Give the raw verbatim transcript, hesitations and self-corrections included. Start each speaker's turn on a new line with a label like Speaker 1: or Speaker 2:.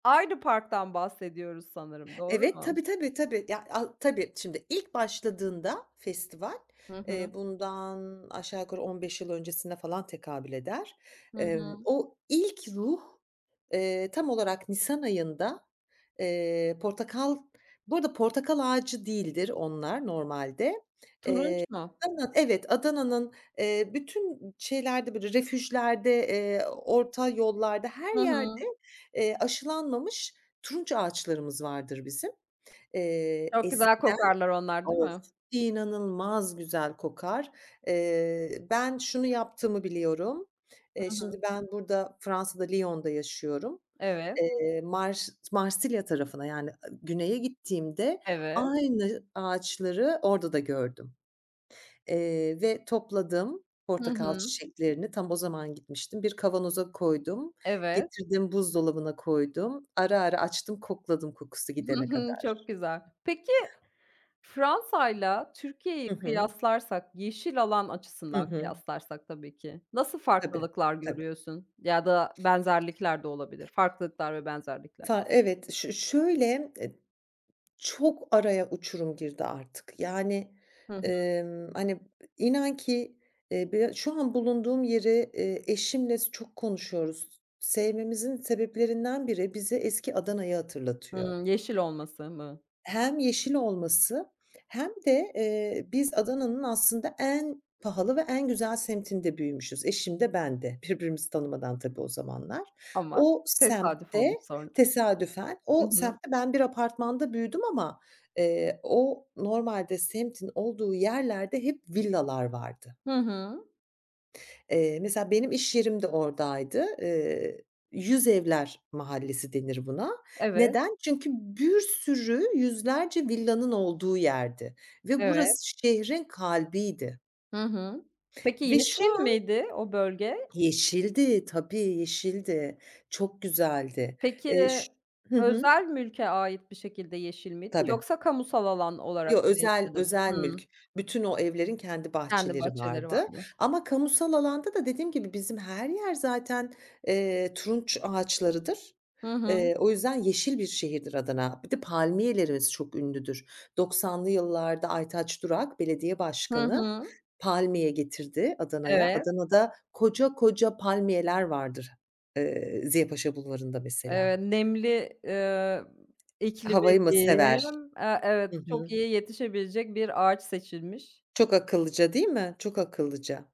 Speaker 1: Aynı parktan bahsediyoruz sanırım, doğru
Speaker 2: Evet,
Speaker 1: mu?
Speaker 2: tabii, tabii, tabii. Ya a tabii, şimdi ilk başladığında festival,
Speaker 1: Hı hı.
Speaker 2: eee, bundan aşağı yukarı on beş yıl öncesine falan tekabül eder.
Speaker 1: Hı
Speaker 2: Emm,
Speaker 1: hı.
Speaker 2: o ilk ruh, eee, tam olarak nisan ayında, eee, portakal bu arada portakal ağacı değildir onlar normalde. Eee,
Speaker 1: Turunç mu?
Speaker 2: Adana'nın, evet, Adana'nın, eee, bütün şeylerde, böyle refüjlerde, eee, orta yollarda, her
Speaker 1: Hı
Speaker 2: yerde,
Speaker 1: hı.
Speaker 2: eee, aşılanmamış turunç ağaçlarımız vardır bizim. Eee,
Speaker 1: Çok güzel
Speaker 2: eskiden
Speaker 1: kokarlar onlar değil
Speaker 2: Of,
Speaker 1: mi?
Speaker 2: inanılmaz güzel kokar. Eee, ben şunu yaptığımı biliyorum. Eee,
Speaker 1: Hı hı.
Speaker 2: şimdi ben burada, Fransa'da, Lyon'da yaşıyorum.
Speaker 1: Evet.
Speaker 2: Eee, Mars Marsilya tarafına, yani ı güneye gittiğimde
Speaker 1: Evet.
Speaker 2: aynı ağaçları orada da gördüm, eee, ve topladım
Speaker 1: Hı
Speaker 2: portakal
Speaker 1: hı.
Speaker 2: çiçeklerini. Tam o zaman gitmiştim. Bir kavanoza koydum,
Speaker 1: Evet.
Speaker 2: getirdim, buzdolabına koydum. Ara ara açtım, kokladım, kokusu
Speaker 1: Hı
Speaker 2: gidene
Speaker 1: hı.
Speaker 2: kadar.
Speaker 1: Çok güzel. Peki Fransa'yla Türkiye'yi
Speaker 2: Hı hı.
Speaker 1: kıyaslarsak, yeşil alan
Speaker 2: Hı
Speaker 1: açısından
Speaker 2: hı.
Speaker 1: kıyaslarsak tabii ki nasıl
Speaker 2: Tabii,
Speaker 1: farklılıklar
Speaker 2: tabii.
Speaker 1: görüyorsun ya da benzerlikler de olabilir? Farklılıklar ve benzerlikler.
Speaker 2: Fa evet. Ş ş şöyle, eee, çok araya uçurum girdi artık. Yani,
Speaker 1: Hı hı.
Speaker 2: emm, hani, inan ki, eee, b şu an bulunduğum yeri, eee, eşimle s çok konuşuyoruz. Sevmemizin sebeplerinden biri, bize eski Adana'yı hatırlatıyor.
Speaker 1: Hıı. Yeşil olması mı?
Speaker 2: Hem yeşil olması hem de, eee, biz Adana'nın aslında en pahalı ve en güzel semtinde büyümüşüz. Eşim de ben de. Birbirimizi tanımadan tabii o zamanlar.
Speaker 1: Ama
Speaker 2: O
Speaker 1: tesadüf
Speaker 2: semtte
Speaker 1: olmuş sonra.
Speaker 2: tesadüfen,
Speaker 1: Hı
Speaker 2: o
Speaker 1: hı.
Speaker 2: semtte ben bir apartmanda büyüdüm ama, eee, o normalde semtin olduğu yerlerde hep villalar vardı.
Speaker 1: Hı hı.
Speaker 2: Eee, mesela benim iş yerim de oradaydı. Eee, "Yüzevler mahallesi." denir buna.
Speaker 1: Evet.
Speaker 2: Neden? Çünkü bir sürü yüzlerce villanın olduğu yerdi ve
Speaker 1: Evet.
Speaker 2: burası şehrin kalbiydi.
Speaker 1: Hı hı. Peki,
Speaker 2: Ve şu
Speaker 1: yeşil
Speaker 2: an
Speaker 1: miydi o bölge?
Speaker 2: Yeşildi. Tabii, yeşildi. Çok güzeldi.
Speaker 1: Peki,
Speaker 2: Eee, ş Hı hı.
Speaker 1: özel mülke ait bir şekilde yeşil miydi,
Speaker 2: Tabii.
Speaker 1: yoksa kamusal alan olarak
Speaker 2: Yo,
Speaker 1: mı
Speaker 2: özel
Speaker 1: yeşildi?
Speaker 2: özel mülk.
Speaker 1: Hımm.
Speaker 2: Bütün o evlerin kendi
Speaker 1: Kendi
Speaker 2: bahçeleri
Speaker 1: bahçeleri
Speaker 2: vardı
Speaker 1: vardı.
Speaker 2: ama kamusal alanda da dediğim gibi, bizim her yer zaten, eee, turunç ağaçlarıdır.
Speaker 1: Hı hı.
Speaker 2: Eee, o yüzden yeşil bir şehirdir Adana. Bir de palmiyelerimiz çok ünlüdür. doksanlı yıllarda Aytaç Durak, belediye
Speaker 1: Hı
Speaker 2: başkanı,
Speaker 1: hı.
Speaker 2: palmiye getirdi Adana'ya.
Speaker 1: Evet.
Speaker 2: Adana'da koca koca palmiyeler vardır, ııı, Ziya Paşa Bulvarı'nda mesela.
Speaker 1: Eee, nemli, eee, iklimi
Speaker 2: Havayı mı sever?
Speaker 1: diyeyim. A,
Speaker 2: Hı
Speaker 1: evet,
Speaker 2: hı.
Speaker 1: çok iyi yetişebilecek bir ağaç seçilmiş.
Speaker 2: Çok akıllıca değil mi? Çok akıllıca.